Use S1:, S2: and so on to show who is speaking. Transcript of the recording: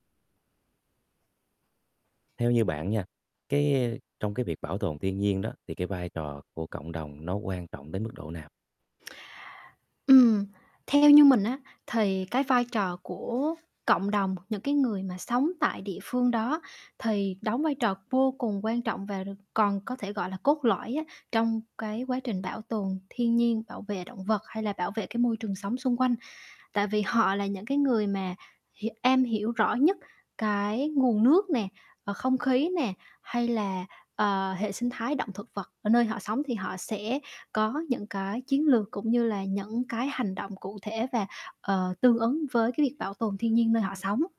S1: Theo như bạn nha, cái, a, trong cái việc bảo tồn thiên nhiên đó thì cái vai trò của cộng đồng nó quan trọng đến mức độ nào?
S2: Ừm, theo như mình á, thì cái vai trò của cộng đồng, những cái người mà sống tại địa phương đó thì đóng vai trò vô cùng quan trọng và được còn có thể gọi là cốt lõi á trong cái quá trình bảo tồn thiên nhiên, bảo vệ động vật, hay là bảo vệ cái môi trường sống xung quanh. Tại vì họ là những cái người mà h am hiểu rõ nhất cái nguồn nước nè hoặc không khí nè, hay là, ờ, hệ sinh thái động thực vật ở nơi họ sống thì họ sẽ có những cái chiến lược, cũng như là những cái hành động cụ thể và, ờ, tương ứng với cái việc bảo tồn thiên nhiên nơi họ sống.